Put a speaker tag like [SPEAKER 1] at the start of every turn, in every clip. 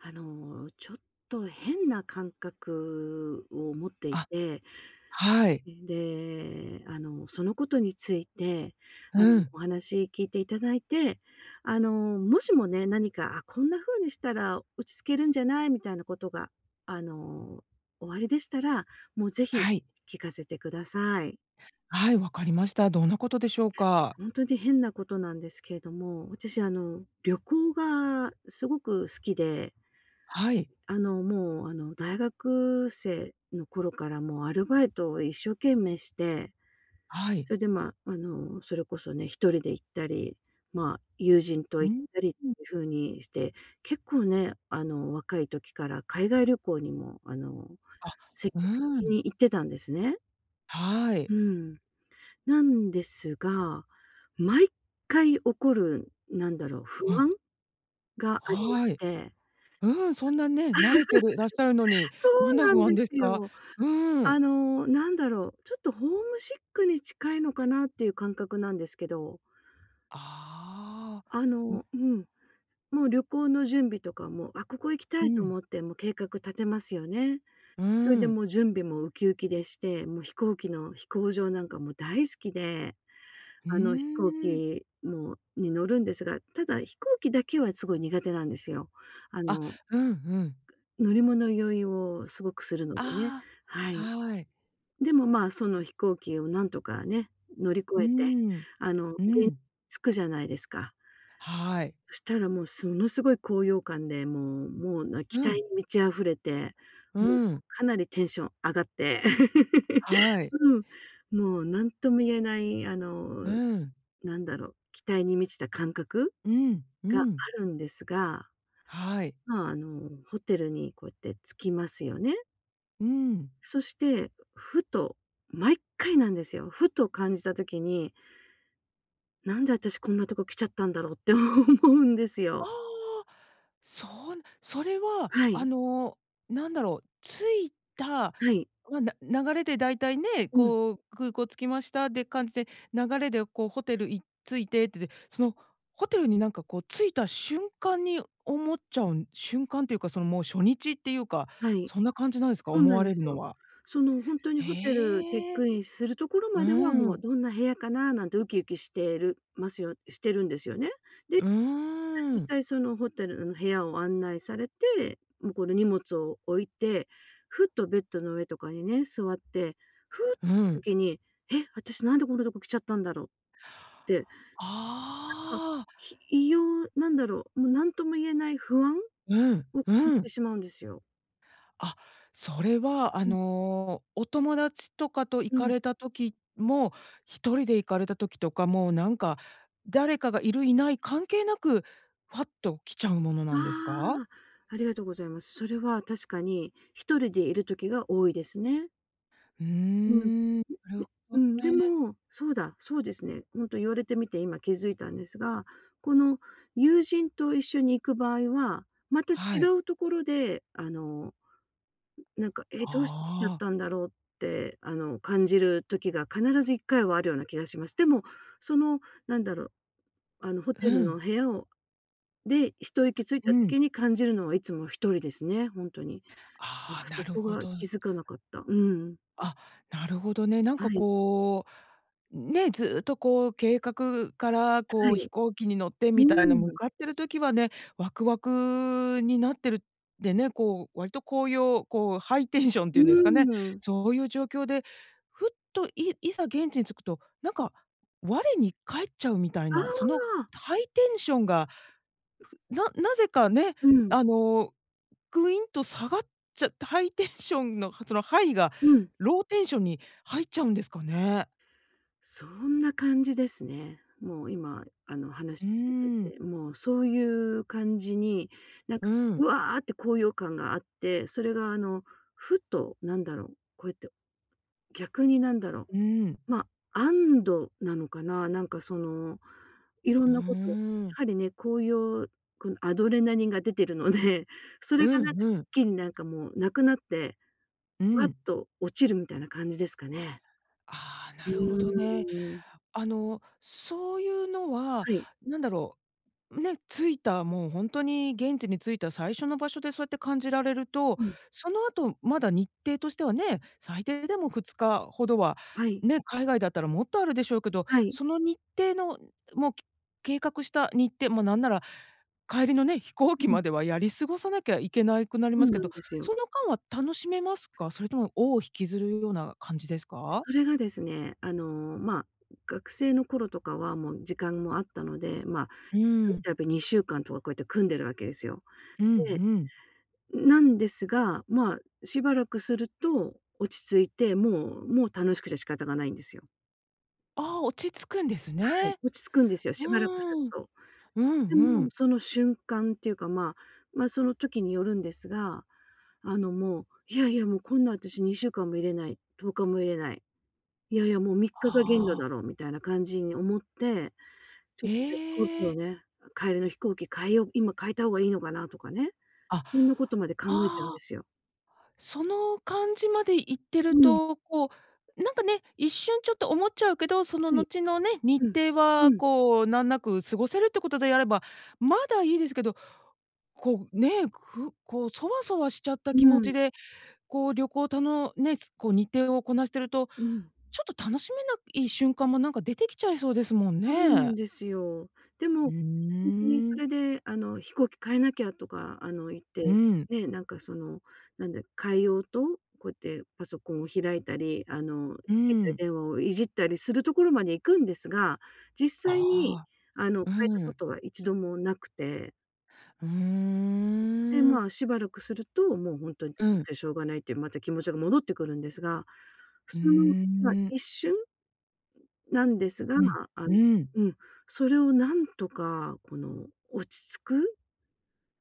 [SPEAKER 1] あの、ちょっと変な感覚を持ってい
[SPEAKER 2] あ、
[SPEAKER 1] て。
[SPEAKER 2] はい。
[SPEAKER 1] で、あの、そのことについて、あ
[SPEAKER 2] う
[SPEAKER 1] の、
[SPEAKER 2] ん。
[SPEAKER 1] お話聞いていただいて、あの、もしもね、何か、あ、こんな風にしたら落ち着けるんじゃないみたいなことが、あの、おありでしたら、もう、ぜひ
[SPEAKER 2] はい。
[SPEAKER 1] 聞かせてください。
[SPEAKER 2] はい。わかりました。どんなことでしょうか？
[SPEAKER 1] 本当に変なことなんですけれども、私、あの、旅行がすごく好きで。
[SPEAKER 2] はい。
[SPEAKER 1] あの、もう、あの、大学生の頃から、もう、アルバイトを一生懸命して、
[SPEAKER 2] はい。
[SPEAKER 1] それで、ま、あの、それこそね、1人で行ったり、ま、友人と
[SPEAKER 2] うー
[SPEAKER 1] 行ったりって
[SPEAKER 2] ん。
[SPEAKER 1] いう風にして、結構ね、あの、若い時から海外旅行にも、あの、
[SPEAKER 2] あ、
[SPEAKER 1] 積
[SPEAKER 2] う
[SPEAKER 1] 極
[SPEAKER 2] ー
[SPEAKER 1] 的
[SPEAKER 2] ん。
[SPEAKER 1] に行ってたんですね。
[SPEAKER 2] は
[SPEAKER 1] う
[SPEAKER 2] い。
[SPEAKER 1] ーん。なんですが、毎回起こる、何だろう、
[SPEAKER 2] う
[SPEAKER 1] 不
[SPEAKER 2] ん。
[SPEAKER 1] 安がありま
[SPEAKER 2] は
[SPEAKER 1] し
[SPEAKER 2] い。
[SPEAKER 1] て。
[SPEAKER 2] うん、そんなね、慣れてるらっしゃるのに、
[SPEAKER 1] そ
[SPEAKER 2] どん
[SPEAKER 1] う
[SPEAKER 2] な
[SPEAKER 1] な
[SPEAKER 2] 不
[SPEAKER 1] んで
[SPEAKER 2] 安です
[SPEAKER 1] す
[SPEAKER 2] か？
[SPEAKER 1] よ。
[SPEAKER 2] うー
[SPEAKER 1] あ
[SPEAKER 2] ん。
[SPEAKER 1] の、なんだろう、ちょっとホームシックに近いのかなっていう感覚なんですけど。
[SPEAKER 2] あ
[SPEAKER 1] あ
[SPEAKER 2] あ、ん。
[SPEAKER 1] の、うん。もう、旅行の準備とかも、あ、ここ行きた
[SPEAKER 2] う
[SPEAKER 1] いと
[SPEAKER 2] ん。
[SPEAKER 1] 思って、もう計画立てますよね。
[SPEAKER 2] う
[SPEAKER 1] それ
[SPEAKER 2] ー
[SPEAKER 1] で、も
[SPEAKER 2] ん。
[SPEAKER 1] う準備もウキウキでして、もう飛行機の飛行場なんかも大好きで、
[SPEAKER 2] う
[SPEAKER 1] あの、飛行
[SPEAKER 2] ーん。
[SPEAKER 1] 機もに乗るんですが、ただ、飛行機だけはすごい苦手なんですよ。あ
[SPEAKER 2] あ、
[SPEAKER 1] の
[SPEAKER 2] うんうん。
[SPEAKER 1] 乗り物酔いをすごくするのでね、
[SPEAKER 2] あ
[SPEAKER 1] は
[SPEAKER 2] あ、
[SPEAKER 1] い。
[SPEAKER 2] はい。
[SPEAKER 1] でも、まあ、その飛行機をなんとかね、乗り
[SPEAKER 2] う
[SPEAKER 1] 越えて、
[SPEAKER 2] ーん。
[SPEAKER 1] あの、現
[SPEAKER 2] う
[SPEAKER 1] 地に
[SPEAKER 2] ん。
[SPEAKER 1] 着くじゃないですか。
[SPEAKER 2] はい。
[SPEAKER 1] そしたら、もう、ものすごい高揚感で、もうもう、な期
[SPEAKER 2] う
[SPEAKER 1] 待
[SPEAKER 2] ん。
[SPEAKER 1] に満ち溢れて、
[SPEAKER 2] う
[SPEAKER 1] もう、
[SPEAKER 2] ーん。
[SPEAKER 1] かなりテンション上がって。
[SPEAKER 2] はい。
[SPEAKER 1] うん。もう、何とも言えない、あ
[SPEAKER 2] う
[SPEAKER 1] の、
[SPEAKER 2] ーん。
[SPEAKER 1] なんだろう、期待に満ちた感覚
[SPEAKER 2] うんう
[SPEAKER 1] があ
[SPEAKER 2] ん。
[SPEAKER 1] るんですが。
[SPEAKER 2] はい。
[SPEAKER 1] まあ、あの、ホテルにこうやって着きますよね。
[SPEAKER 2] うん。
[SPEAKER 1] そして、ふと毎回なんですよ。ふと感じた時に。なんで私こんなとこ来ちゃったんだろうって思うんです
[SPEAKER 2] あ
[SPEAKER 1] よ。
[SPEAKER 2] あ、そう、それは、
[SPEAKER 1] は
[SPEAKER 2] あ
[SPEAKER 1] い。
[SPEAKER 2] のなんだろう、着いた、
[SPEAKER 1] はい。
[SPEAKER 2] ま、な流れで大体ね、
[SPEAKER 1] うん。
[SPEAKER 2] こう空港着きましたで感じで、流れでこうホテルい着いててて、そのホテルになんかこう着いた瞬間に思っちゃうん瞬間っていうかそのもう初日っていうか、
[SPEAKER 1] はい。
[SPEAKER 2] そんな感じなんですか？
[SPEAKER 1] そう
[SPEAKER 2] 思
[SPEAKER 1] なん
[SPEAKER 2] わ
[SPEAKER 1] で
[SPEAKER 2] れ
[SPEAKER 1] す
[SPEAKER 2] るの
[SPEAKER 1] よ。
[SPEAKER 2] は。
[SPEAKER 1] そのほんとにホテルチェッ
[SPEAKER 2] へえ。
[SPEAKER 1] クインするところまでは、
[SPEAKER 2] う
[SPEAKER 1] もう
[SPEAKER 2] ん。
[SPEAKER 1] どんな部屋かななんてウキウキしてるますよしてるんですよね。で、
[SPEAKER 2] うー
[SPEAKER 1] 実
[SPEAKER 2] ん。
[SPEAKER 1] 際そのホテルの部屋を案内されて、もうこの荷物を置いて、ふっとベッドの上とかにね、座って、ふっ
[SPEAKER 2] う
[SPEAKER 1] とした
[SPEAKER 2] ん。
[SPEAKER 1] 時に、え、私なんでこんなとこ来ちゃったんだろって、なんか、
[SPEAKER 2] ああ。
[SPEAKER 1] ひ異様なんだろう、もう何とも言えない不安
[SPEAKER 2] うん、
[SPEAKER 1] を
[SPEAKER 2] う
[SPEAKER 1] て
[SPEAKER 2] ん。
[SPEAKER 1] しまうんですよ。
[SPEAKER 2] あ。それは、あ
[SPEAKER 1] うん。
[SPEAKER 2] のお友達とかと行
[SPEAKER 1] う
[SPEAKER 2] か
[SPEAKER 1] ん。
[SPEAKER 2] れた時も、1人で行かれた時とかもなんか、誰かがいるいない関係なく、ファッと来ちゃうもの
[SPEAKER 1] あ
[SPEAKER 2] なんですか？
[SPEAKER 1] あ、ありがとうございます。それは確かに1人でいる時が多いですね。
[SPEAKER 2] うー
[SPEAKER 1] うん。
[SPEAKER 2] ん。なる ほ
[SPEAKER 1] うん、
[SPEAKER 2] ど
[SPEAKER 1] で
[SPEAKER 2] ね。
[SPEAKER 1] も、そうだ、そうですね。本当言われてみて今気づいたんですが、この友人と一緒に行く場合は、また違
[SPEAKER 2] はい。
[SPEAKER 1] うところであのなんか、ええ、どうして来ちゃっ
[SPEAKER 2] ああ。
[SPEAKER 1] たんだろうって、あの、感じる時が必ず1回はあるような気がします。でも、そのなんだろう、あのホ
[SPEAKER 2] う
[SPEAKER 1] テル
[SPEAKER 2] ん。
[SPEAKER 1] の部屋をで一息つい
[SPEAKER 2] う
[SPEAKER 1] た
[SPEAKER 2] ん。
[SPEAKER 1] 時に感じるのはいつも1人ですね。本当に。
[SPEAKER 2] あ
[SPEAKER 1] ま、
[SPEAKER 2] あ、な
[SPEAKER 1] そ
[SPEAKER 2] る
[SPEAKER 1] こ
[SPEAKER 2] ほ
[SPEAKER 1] は気
[SPEAKER 2] ど。
[SPEAKER 1] づかなかった。うん。
[SPEAKER 2] あ、なるほどね。なん
[SPEAKER 1] は
[SPEAKER 2] か
[SPEAKER 1] い。
[SPEAKER 2] こう、ね、ずっとこう計画から、
[SPEAKER 1] は
[SPEAKER 2] こう、飛
[SPEAKER 1] い。
[SPEAKER 2] 行機に乗って
[SPEAKER 1] う
[SPEAKER 2] みたいな、向
[SPEAKER 1] ん。
[SPEAKER 2] かってる時はね、ワクワクになってる。でね、こう、割とこういう、こうハイテンションっていうんで
[SPEAKER 1] う
[SPEAKER 2] すかね、
[SPEAKER 1] ん。
[SPEAKER 2] そういう状況で、ふっと、いいざ現地に着くと、何か、我に返っちゃうみたい
[SPEAKER 1] あ
[SPEAKER 2] な、その
[SPEAKER 1] あ。
[SPEAKER 2] ハイテンションが、ななぜかね、
[SPEAKER 1] うん。
[SPEAKER 2] あのグインと下がっちゃって、ハイテンションのそのハイが
[SPEAKER 1] うーん。
[SPEAKER 2] ローテンションに入っちゃうんですかね。
[SPEAKER 1] そんな感じですね。もう、今あの話
[SPEAKER 2] う
[SPEAKER 1] を聞いてい
[SPEAKER 2] ーん。
[SPEAKER 1] て、もうそういう感じに、なん
[SPEAKER 2] う
[SPEAKER 1] か、う
[SPEAKER 2] ん。
[SPEAKER 1] わって高揚感があって、それがあのふっと、なんだろう、こうやって逆に、何だろ
[SPEAKER 2] うん。
[SPEAKER 1] う、まあ安堵なのかな、なんかその、いろ
[SPEAKER 2] う
[SPEAKER 1] んなこと、や
[SPEAKER 2] ーん。
[SPEAKER 1] はりね、高揚このアドレナリンが出てるので、そ
[SPEAKER 2] う
[SPEAKER 1] れがなん
[SPEAKER 2] ん
[SPEAKER 1] か、
[SPEAKER 2] う
[SPEAKER 1] 一
[SPEAKER 2] ん。
[SPEAKER 1] 気になんかもうなくなって、
[SPEAKER 2] う
[SPEAKER 1] わっ
[SPEAKER 2] ん。
[SPEAKER 1] と落ちるみたいな感じですかね。
[SPEAKER 2] ああ、
[SPEAKER 1] う
[SPEAKER 2] なるほどね。
[SPEAKER 1] ーん。
[SPEAKER 2] あの、そういうのは、
[SPEAKER 1] はい。
[SPEAKER 2] なんだろう、ね、着いたもう本当に現地に着いた最初の場所でそうやって感じられると、
[SPEAKER 1] うん。
[SPEAKER 2] その後まだ日程としてはね、最低でも2日ほどは、
[SPEAKER 1] はい。
[SPEAKER 2] ね、海外だったらもっとあるでしょうけど、
[SPEAKER 1] はい。
[SPEAKER 2] その日程の、もうけ計画した日程まあ、なんなら帰りのね、飛行機
[SPEAKER 1] う
[SPEAKER 2] ま
[SPEAKER 1] ん。
[SPEAKER 2] ではやり過ごさなきゃいけない、くなり
[SPEAKER 1] そ
[SPEAKER 2] ま
[SPEAKER 1] う
[SPEAKER 2] すけ
[SPEAKER 1] なん
[SPEAKER 2] ど、
[SPEAKER 1] ですよ。
[SPEAKER 2] その間は楽しめますか？それとも尾を引きずるような感じですか？
[SPEAKER 1] それがですね、あの、まあ、学生の頃とかはもう時間もあったので、まあ、
[SPEAKER 2] う
[SPEAKER 1] ひとり
[SPEAKER 2] ん。
[SPEAKER 1] 旅2週間とかこうやって組んでるわけですよ。
[SPEAKER 2] うんう
[SPEAKER 1] で、
[SPEAKER 2] ん。
[SPEAKER 1] なんですが、まあ、しばらくすると落ち着いて、もうもう楽しくて仕方がないんですよ。
[SPEAKER 2] ああ、落ち着くんです
[SPEAKER 1] はい、
[SPEAKER 2] ね。
[SPEAKER 1] 落ち着くんですよ。
[SPEAKER 2] う
[SPEAKER 1] しばらくする
[SPEAKER 2] ん。
[SPEAKER 1] と。
[SPEAKER 2] うん
[SPEAKER 1] で
[SPEAKER 2] う
[SPEAKER 1] も
[SPEAKER 2] ん。
[SPEAKER 1] その瞬間っていうかま、ま、その時によるんですが、あのもう、いやいや、もうこんな私2週間もいれない、10日もいれない。いやいやもう3日が限度
[SPEAKER 2] はあ。
[SPEAKER 1] だろうみたいな感じに思って、ちょっと飛行機
[SPEAKER 2] え
[SPEAKER 1] を
[SPEAKER 2] え。
[SPEAKER 1] ね帰りの飛行機変えよう、今変えた方がいいのかなとかね、
[SPEAKER 2] あ、
[SPEAKER 1] そんなことまで考えちゃうん
[SPEAKER 2] あ
[SPEAKER 1] で
[SPEAKER 2] あ。
[SPEAKER 1] すよ。
[SPEAKER 2] その感じまで行って
[SPEAKER 1] う
[SPEAKER 2] る
[SPEAKER 1] ん。
[SPEAKER 2] と、こう、なんかね、一瞬ちょっと思っちゃうけど、その
[SPEAKER 1] はい。
[SPEAKER 2] 後のね、日
[SPEAKER 1] うん、
[SPEAKER 2] 程は
[SPEAKER 1] うん。
[SPEAKER 2] こうなんなく過ごせるってことでやれば、まだいいですけど、こう、ね、くこうそわそわしちゃった気
[SPEAKER 1] う
[SPEAKER 2] 持
[SPEAKER 1] ん。
[SPEAKER 2] ちで、こう旅行たのね、こう日程をこなしてると、
[SPEAKER 1] うん。
[SPEAKER 2] ちょっと楽しめない瞬間もなんか出てきちゃいそうですもん
[SPEAKER 1] そうな
[SPEAKER 2] ね。
[SPEAKER 1] んですよ。で
[SPEAKER 2] う
[SPEAKER 1] も、本当に
[SPEAKER 2] ー
[SPEAKER 1] そ
[SPEAKER 2] ん。
[SPEAKER 1] れであの飛行機変えなきゃとかあの言っ
[SPEAKER 2] う
[SPEAKER 1] て、
[SPEAKER 2] ん。
[SPEAKER 1] ね、なんかそのなんだ、変えようと、こうやってパソコンを開いたり、あの携
[SPEAKER 2] う
[SPEAKER 1] 帯
[SPEAKER 2] ん。
[SPEAKER 1] 電話をいじったりするところまで行くんですが、実際に
[SPEAKER 2] あ
[SPEAKER 1] あの
[SPEAKER 2] あ、
[SPEAKER 1] 変えた
[SPEAKER 2] う
[SPEAKER 1] こ
[SPEAKER 2] ん。
[SPEAKER 1] とは一度もなくて。
[SPEAKER 2] う
[SPEAKER 1] で、
[SPEAKER 2] ーん。
[SPEAKER 1] まあ、しばらくすると、もうほんとに
[SPEAKER 2] うん。
[SPEAKER 1] しょうがないっていうまた気持ちが戻ってくるんですが、普
[SPEAKER 2] う
[SPEAKER 1] 通の、ま、
[SPEAKER 2] ーん。
[SPEAKER 1] 一瞬なんですが、
[SPEAKER 2] うん
[SPEAKER 1] あん
[SPEAKER 2] うん。
[SPEAKER 1] うん、それを何とか、この落ち着く、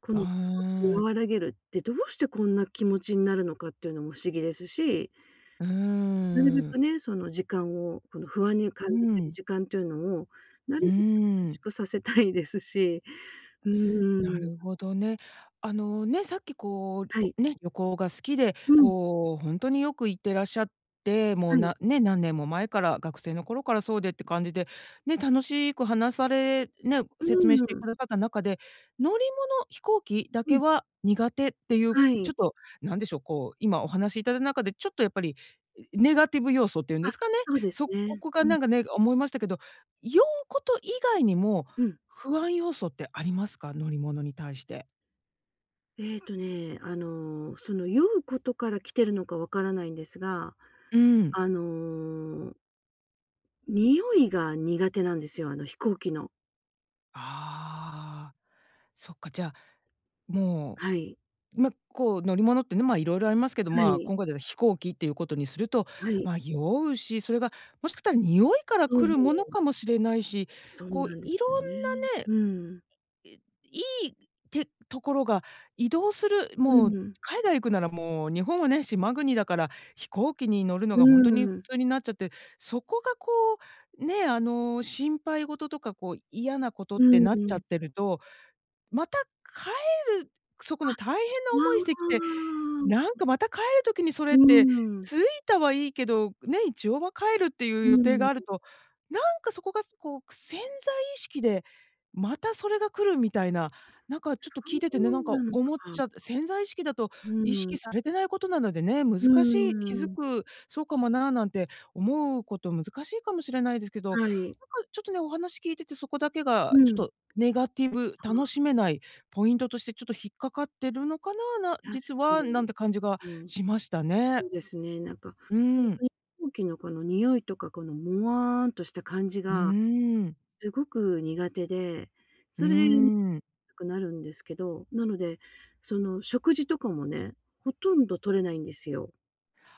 [SPEAKER 1] こ
[SPEAKER 2] あ、う
[SPEAKER 1] の不
[SPEAKER 2] ー
[SPEAKER 1] 安を
[SPEAKER 2] ん。
[SPEAKER 1] 和らげるって、どうしてこんな気持ちになるのかっていうのも不思議ですし
[SPEAKER 2] う
[SPEAKER 1] なるべ
[SPEAKER 2] ー
[SPEAKER 1] く
[SPEAKER 2] ん。
[SPEAKER 1] ね、その時間をこの不安に感
[SPEAKER 2] う
[SPEAKER 1] じてる
[SPEAKER 2] ん。
[SPEAKER 1] 時間っていうのを、な
[SPEAKER 2] うー
[SPEAKER 1] るべく短
[SPEAKER 2] ん。
[SPEAKER 1] 縮させたいですし、う
[SPEAKER 2] な
[SPEAKER 1] ん。
[SPEAKER 2] るほどね。あのね、さっきこう、
[SPEAKER 1] はい。
[SPEAKER 2] おね、旅行が好きで、
[SPEAKER 1] うん。
[SPEAKER 2] こう、ほんとによく行ってらっしゃって、もう
[SPEAKER 1] はい。
[SPEAKER 2] なね、何年も前から、学生の頃からそうでって感じで、ね、楽しく話されね、
[SPEAKER 1] う
[SPEAKER 2] 説明して
[SPEAKER 1] ん。
[SPEAKER 2] くださった中で、乗り物、飛行機だ
[SPEAKER 1] う
[SPEAKER 2] け
[SPEAKER 1] ん。
[SPEAKER 2] は苦手っていう、
[SPEAKER 1] はい。
[SPEAKER 2] ちょっと、何でしょう、こう、今お話しいただた中で、ちょっとやっぱり、いネガティブ要素って言うん
[SPEAKER 1] あ、
[SPEAKER 2] ですかね、
[SPEAKER 1] そうです
[SPEAKER 2] そこ
[SPEAKER 1] ね。
[SPEAKER 2] こが
[SPEAKER 1] うん。
[SPEAKER 2] なんかね、思いましたけど、酔うこと以外にも、
[SPEAKER 1] うん。
[SPEAKER 2] 不安要素ってありますか？乗り物に対して。
[SPEAKER 1] えっとね、あのその酔うことから来てるのかわからないんですが、
[SPEAKER 2] うん。
[SPEAKER 1] あの臭いが苦手なんですよ。あの飛行機の。
[SPEAKER 2] ああ、そっか、じゃ、も
[SPEAKER 1] はい。
[SPEAKER 2] う、ま、こう乗り物ってね、まあ色々ありますけど、
[SPEAKER 1] は
[SPEAKER 2] ま
[SPEAKER 1] い。
[SPEAKER 2] 今回では飛行機っていうことにすると、
[SPEAKER 1] はい。
[SPEAKER 2] まあ酔うし、それがもしかしたら臭いから来るもの
[SPEAKER 1] [unintelligible]
[SPEAKER 2] かもしれないし、
[SPEAKER 1] そう
[SPEAKER 2] こう
[SPEAKER 1] なんです
[SPEAKER 2] 色
[SPEAKER 1] よ
[SPEAKER 2] ん
[SPEAKER 1] ね。
[SPEAKER 2] なね、
[SPEAKER 1] うん。
[SPEAKER 2] いいいところが移動する
[SPEAKER 1] う
[SPEAKER 2] もう
[SPEAKER 1] ん。
[SPEAKER 2] 海外行くならもう、日本はね、島国だから、飛行機に乗るの
[SPEAKER 1] う
[SPEAKER 2] がほんとに普
[SPEAKER 1] ーん。
[SPEAKER 2] 通になっちゃって、そこがこう、ね、あの心配事とかこう嫌なことっ
[SPEAKER 1] う
[SPEAKER 2] て
[SPEAKER 1] ん
[SPEAKER 2] なっ
[SPEAKER 1] う
[SPEAKER 2] ちゃっ
[SPEAKER 1] ん。
[SPEAKER 2] てると、また帰るそこ
[SPEAKER 1] あ、
[SPEAKER 2] の大変な
[SPEAKER 1] あ
[SPEAKER 2] 思いしてきて、なん
[SPEAKER 1] あ。
[SPEAKER 2] かまた帰る時にそれ
[SPEAKER 1] う
[SPEAKER 2] って、
[SPEAKER 1] ーん。
[SPEAKER 2] 着いたはいいけど、ね、一応は帰るってい
[SPEAKER 1] う
[SPEAKER 2] う予定
[SPEAKER 1] ん。
[SPEAKER 2] がある
[SPEAKER 1] う。
[SPEAKER 2] と、なんかそこが、こう、くす潜在意識で、またそれが来るみたいな、なんかちょっ
[SPEAKER 1] そ
[SPEAKER 2] と聞いててね、なんか
[SPEAKER 1] うなの
[SPEAKER 2] 思っ
[SPEAKER 1] か。
[SPEAKER 2] ちゃ潜在意識だと、意
[SPEAKER 1] う
[SPEAKER 2] 識
[SPEAKER 1] ん。
[SPEAKER 2] されてないことなのでね、難
[SPEAKER 1] う
[SPEAKER 2] しい気づ
[SPEAKER 1] ーん。
[SPEAKER 2] くそうかもな、なんて思うこと難しいかもしれないですけど、なん
[SPEAKER 1] はい。
[SPEAKER 2] かちょっとね、お話聞いてて、そこだけが
[SPEAKER 1] う
[SPEAKER 2] ちょっ
[SPEAKER 1] ん。
[SPEAKER 2] とネガティブ、楽
[SPEAKER 1] は。
[SPEAKER 2] しめないポイントとしてちょっと引っかかってるのかな、な
[SPEAKER 1] 確
[SPEAKER 2] 実
[SPEAKER 1] か
[SPEAKER 2] は、な
[SPEAKER 1] に、
[SPEAKER 2] んて感じが
[SPEAKER 1] うん。
[SPEAKER 2] しましたね。
[SPEAKER 1] そうですね。なんか
[SPEAKER 2] う
[SPEAKER 1] ほん
[SPEAKER 2] ん。
[SPEAKER 1] とに、飛行機のこの匂いとかこのもわんとした感じ
[SPEAKER 2] う
[SPEAKER 1] が
[SPEAKER 2] ーん。
[SPEAKER 1] すごく苦手で、
[SPEAKER 2] う
[SPEAKER 1] それ、よ
[SPEAKER 2] ーん。
[SPEAKER 1] くなるんですけど、なので、その食事とかもね、ほとんど取れないんですよ。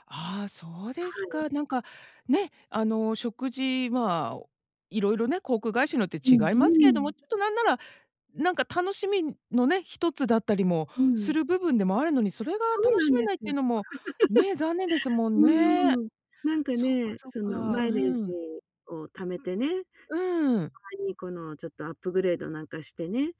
[SPEAKER 2] ああ、そうです
[SPEAKER 1] はい。
[SPEAKER 2] か。なんか、ね、あの食事、まあ、色々ね、航空会社によって
[SPEAKER 1] うん
[SPEAKER 2] 違いますけれ
[SPEAKER 1] う
[SPEAKER 2] ど
[SPEAKER 1] ん。
[SPEAKER 2] も、ちょっと何なら、なんか楽しみのね、一つだったりも
[SPEAKER 1] う
[SPEAKER 2] す
[SPEAKER 1] ん。
[SPEAKER 2] る部分でもあるのに、それが
[SPEAKER 1] そう
[SPEAKER 2] 楽
[SPEAKER 1] な
[SPEAKER 2] し
[SPEAKER 1] ん
[SPEAKER 2] め
[SPEAKER 1] で
[SPEAKER 2] ないっ
[SPEAKER 1] す
[SPEAKER 2] て
[SPEAKER 1] よ。
[SPEAKER 2] いうのも、ね、残念ですも んね。
[SPEAKER 1] うん、なんか
[SPEAKER 2] そっか
[SPEAKER 1] ね、
[SPEAKER 2] そっ
[SPEAKER 1] その
[SPEAKER 2] か。
[SPEAKER 1] マ
[SPEAKER 2] う
[SPEAKER 1] イレージ
[SPEAKER 2] ん。
[SPEAKER 1] を貯めてね、た
[SPEAKER 2] うーん。
[SPEAKER 1] まにこのちょっとアップグレードなんかしてね、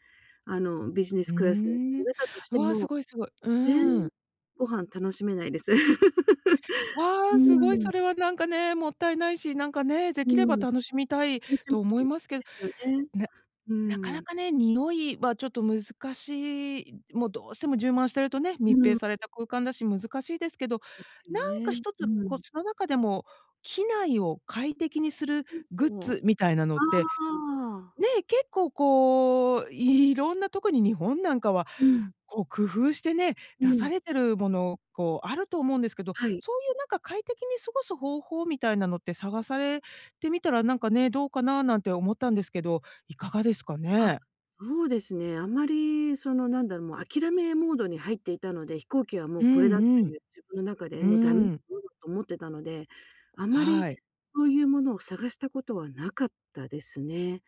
[SPEAKER 1] あのビジネス
[SPEAKER 2] う
[SPEAKER 1] クラスに
[SPEAKER 2] ー
[SPEAKER 1] 乗
[SPEAKER 2] ん。
[SPEAKER 1] れたとし
[SPEAKER 2] う
[SPEAKER 1] て
[SPEAKER 2] わ、す
[SPEAKER 1] も、
[SPEAKER 2] ごいすごい。
[SPEAKER 1] 全
[SPEAKER 2] う
[SPEAKER 1] 然
[SPEAKER 2] ん。
[SPEAKER 1] ご飯楽しめないです。う
[SPEAKER 2] わあ、すごい
[SPEAKER 1] ー
[SPEAKER 2] そ
[SPEAKER 1] ん。
[SPEAKER 2] れはなんかね、もったいないし、なんかね、で
[SPEAKER 1] う
[SPEAKER 2] きれ
[SPEAKER 1] ん。
[SPEAKER 2] ば楽しみたい
[SPEAKER 1] 楽し
[SPEAKER 2] と思い
[SPEAKER 1] みで
[SPEAKER 2] ますけど、
[SPEAKER 1] すよね。
[SPEAKER 2] ね、
[SPEAKER 1] う
[SPEAKER 2] なか
[SPEAKER 1] ー
[SPEAKER 2] な
[SPEAKER 1] ん。
[SPEAKER 2] かね、匂いはちょっと難しい、もうどうしても充満してるとね、
[SPEAKER 1] う
[SPEAKER 2] 密閉
[SPEAKER 1] ん。
[SPEAKER 2] された空間だし難しいですけど、
[SPEAKER 1] ですよ
[SPEAKER 2] 何か
[SPEAKER 1] ね。
[SPEAKER 2] 一
[SPEAKER 1] う
[SPEAKER 2] つ、コ
[SPEAKER 1] ん。
[SPEAKER 2] ツの中でも、機内を快適にするグッズみたいな
[SPEAKER 1] [unintelligible]
[SPEAKER 2] の
[SPEAKER 1] あ
[SPEAKER 2] って、
[SPEAKER 1] あ。
[SPEAKER 2] ね、結構こう、色んな特に日本なんかは、
[SPEAKER 1] うん。
[SPEAKER 2] こう工夫してね、
[SPEAKER 1] う
[SPEAKER 2] 出さ
[SPEAKER 1] ん。
[SPEAKER 2] れてるもの、こうあると思うんですけど。
[SPEAKER 1] はい。
[SPEAKER 2] そういうなんか快適に過ごす方法みたいなのって探されてみたらなんかね、どうかななんて思ったんですけど、いかがですか
[SPEAKER 1] あ、
[SPEAKER 2] ね？
[SPEAKER 1] そうですね。あんまりそのなんだろう、もう諦めモードに入っていたので、飛行機はもう
[SPEAKER 2] う
[SPEAKER 1] これだと
[SPEAKER 2] んうん。
[SPEAKER 1] いう自分の中で、
[SPEAKER 2] う
[SPEAKER 1] もうダメな
[SPEAKER 2] ーん。
[SPEAKER 1] ものだと思ってたので、あまり
[SPEAKER 2] はい。
[SPEAKER 1] そういうものを探したことはなかったですね。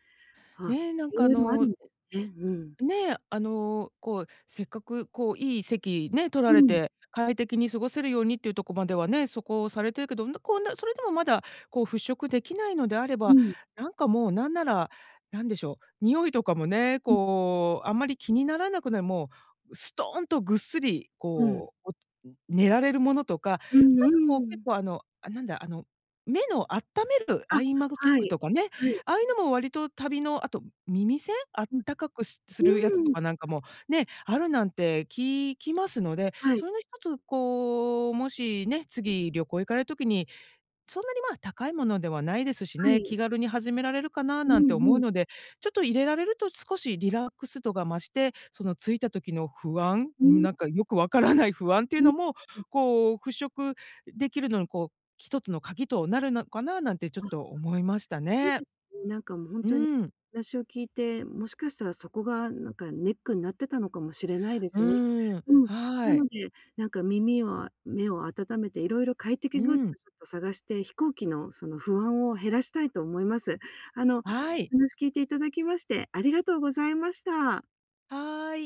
[SPEAKER 1] あ、
[SPEAKER 2] ね、なん
[SPEAKER 1] 色
[SPEAKER 2] かあ
[SPEAKER 1] 々ある
[SPEAKER 2] の
[SPEAKER 1] んですね。うん。
[SPEAKER 2] ね、あのこう、せっかくこういい席ね、取ら
[SPEAKER 1] う
[SPEAKER 2] れ
[SPEAKER 1] ん。
[SPEAKER 2] て、快適に過ごせるようにっていうとこまではね、そこされてるけど、うんだこうな、それでもまだこう、払拭できないのであれ
[SPEAKER 1] う
[SPEAKER 2] ば、
[SPEAKER 1] ん。
[SPEAKER 2] なんかもう、何なら、なんでしょう、匂いとかもね、
[SPEAKER 1] うん。
[SPEAKER 2] こう、あんまり気にならなくない、もう、すとんとぐっすり、
[SPEAKER 1] うん。
[SPEAKER 2] こう、寝られるものとか、な
[SPEAKER 1] うん
[SPEAKER 2] んかこう
[SPEAKER 1] う
[SPEAKER 2] 結
[SPEAKER 1] ん。
[SPEAKER 2] 構あの、あ、なんだ、あの、目のあっためるアイマグ
[SPEAKER 1] あ、
[SPEAKER 2] ツ
[SPEAKER 1] は
[SPEAKER 2] ク
[SPEAKER 1] い、
[SPEAKER 2] とかね、
[SPEAKER 1] はい。
[SPEAKER 2] ああいうのも割と旅のあと、耳栓、あっ
[SPEAKER 1] うん、
[SPEAKER 2] たかくすするやつ
[SPEAKER 1] う
[SPEAKER 2] と
[SPEAKER 1] ーん。
[SPEAKER 2] かなんかも、ね、あるなんて聞きますので、
[SPEAKER 1] はい。
[SPEAKER 2] それの一つ、こう、もしね、次、旅行行かれる時に、そんなにまあ、高いものではないですし
[SPEAKER 1] は
[SPEAKER 2] ね、
[SPEAKER 1] い。
[SPEAKER 2] 気軽に始められるかな
[SPEAKER 1] う
[SPEAKER 2] なんて
[SPEAKER 1] ん
[SPEAKER 2] 思
[SPEAKER 1] う
[SPEAKER 2] う
[SPEAKER 1] ん。
[SPEAKER 2] ので、ちょっと入れられると少しリラックス度が増して、その着いた時の不安、
[SPEAKER 1] う
[SPEAKER 2] うーん、
[SPEAKER 1] ん。
[SPEAKER 2] なんかよく分からない不安っていう
[SPEAKER 1] うん
[SPEAKER 2] のも、
[SPEAKER 1] うん。
[SPEAKER 2] こう払拭できるのにこう、一つの鍵となるのかななんてちょっ
[SPEAKER 1] ああ。
[SPEAKER 2] と思いました
[SPEAKER 1] そう
[SPEAKER 2] ね。
[SPEAKER 1] ですね。なんかもう、ほん
[SPEAKER 2] う
[SPEAKER 1] とに
[SPEAKER 2] ん。
[SPEAKER 1] 話を聞いて、もしかしたらそこがなんかネックになってたのかもしれないで
[SPEAKER 2] う
[SPEAKER 1] すね。
[SPEAKER 2] ーん、
[SPEAKER 1] うん。な
[SPEAKER 2] はい。
[SPEAKER 1] ので、なんか耳を、目を温めて色々快
[SPEAKER 2] う
[SPEAKER 1] 適グッズ
[SPEAKER 2] ん。
[SPEAKER 1] をちょっと探して、飛行機のその不安を減らしたいと思います。あの、お
[SPEAKER 2] はい。
[SPEAKER 1] 話聞いていただきましてありがとうございました。
[SPEAKER 2] はい。